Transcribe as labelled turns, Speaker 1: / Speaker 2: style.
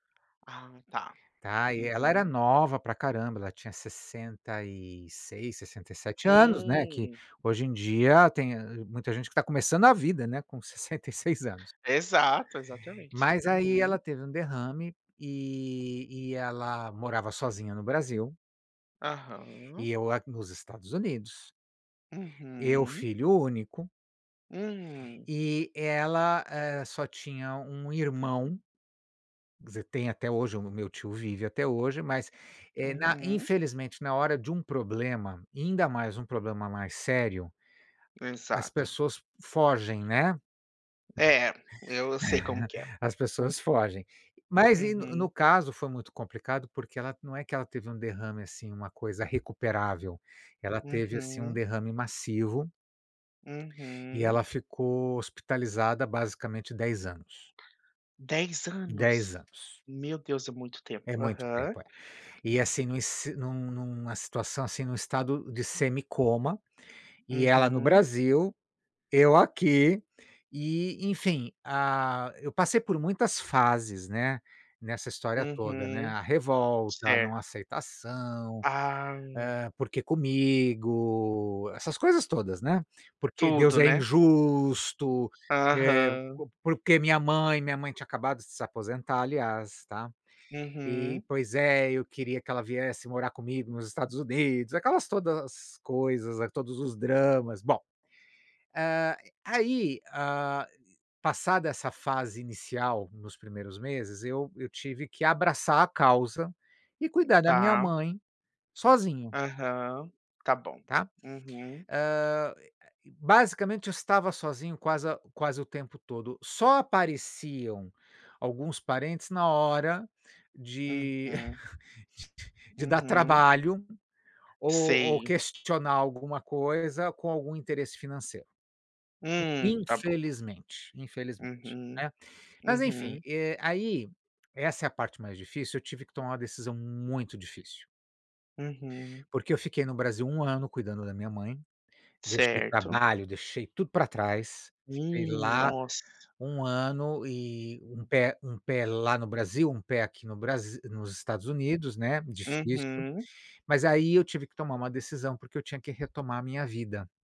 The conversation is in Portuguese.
Speaker 1: Ah está,
Speaker 2: Ai e ela era
Speaker 1: uhum.
Speaker 2: nova pra caramba, ela tinha 66, 67 anos, né, que,
Speaker 1: Hum.
Speaker 2: hoje em dia tem muita gente que está começando a vida, né, com 66 anos.
Speaker 1: Exato, exatamente
Speaker 2: Mas aí ela
Speaker 1: uhum.
Speaker 2: teve um derrame e, e ela morava sozinha no Brasil
Speaker 1: Aham.
Speaker 2: e eu a nos Estados Unidos. Eu
Speaker 1: Uhum.
Speaker 2: filho único
Speaker 1: Hum.
Speaker 2: e ela, eh, só tinha 1 irmão, quer dizer, tem até hoje, meu tio vive até hoje, mas, eh, na
Speaker 1: Uhum.
Speaker 2: infelizmente na hora de um problema, e ainda mais um problema mais sério, as
Speaker 1: Exato.
Speaker 2: pessoas fogem, né.
Speaker 1: É, eu sei como que é.
Speaker 2: As pessoas fogem. Mas e no no
Speaker 1: Uhum.
Speaker 2: caso foi muito complicado porque ela, não é que ela teve um derrame assim, uma coisa recuperável, ela teve assim um
Speaker 1: Uhum.
Speaker 2: derrame massivo e
Speaker 1: Uhum.
Speaker 2: ela ficou hospitalizada basicamente 10 anos.
Speaker 1: 10
Speaker 2: 10
Speaker 1: anos?
Speaker 2: anos.
Speaker 1: Meu Deus é muito
Speaker 2: É
Speaker 1: tempo,
Speaker 2: muito
Speaker 1: aham.
Speaker 2: tempo, é. E assim, num si num num numa situação assim, num estado de semicoma, e ela no
Speaker 1: Uhum.
Speaker 2: Brasil, eu aqui e enfim, ah, eu passei por muitas fases, né, nessa história toda, né,
Speaker 1: Uhum.
Speaker 2: a revolta, a não
Speaker 1: Certo.
Speaker 2: aceitação,
Speaker 1: Ah.
Speaker 2: eh, porque comigo, essas coisas todas, né, porque Deus
Speaker 1: Tudo,
Speaker 2: é
Speaker 1: né.
Speaker 2: injusto, eh,
Speaker 1: Aham.
Speaker 2: co por que minha mãe? Minha mãe tinha acabado de se aposentar, aliás, está? E,
Speaker 1: Uhum.
Speaker 2: pois é, eu queria que ela viesse morar comigo nos Estados Unidos, aquelas todas coisas as todos os dramas. Bom, eh, aí, hã, passada essa fase inicial, nos primeiros meses eu eu tive que abraçar a causa e cuidar da minha
Speaker 1: Tá.
Speaker 2: mãe sozinho
Speaker 1: Aham, está bom,
Speaker 2: está?
Speaker 1: uhum.
Speaker 2: hã, basicamente eu estava sozinho quase quase o tempo todo. Só apareciam alguns parentes na hora de
Speaker 1: Uhum.
Speaker 2: de dar
Speaker 1: Uhum.
Speaker 2: trabalho ou ou
Speaker 1: Sei.
Speaker 2: questionar alguma coisa com algum interesse financeiro.
Speaker 1: Hum, está bom.
Speaker 2: Infelizmente, infelizmente,
Speaker 1: Uhum,
Speaker 2: né, mas enfim,
Speaker 1: uhum.
Speaker 2: eh, aí essa é a parte mais difícil, eu tive que tomar uma decisão muito difícil
Speaker 1: Uhum.
Speaker 2: porque eu fiquei no Brasil 1 ano cuidando da minha mãe, deixei
Speaker 1: Certo.
Speaker 2: trabalho, deixei tudo pra trás, fiquei
Speaker 1: Hum,
Speaker 2: lá
Speaker 1: nossa.
Speaker 2: 1 ano e um pé um pé lá no Brasil, um pé aqui no Brasi nos Estados Unidos, né, difícil.
Speaker 1: Uhum.
Speaker 2: Mas aí eu tive que tomar uma decisão porque eu tinha que retomar a minha vida.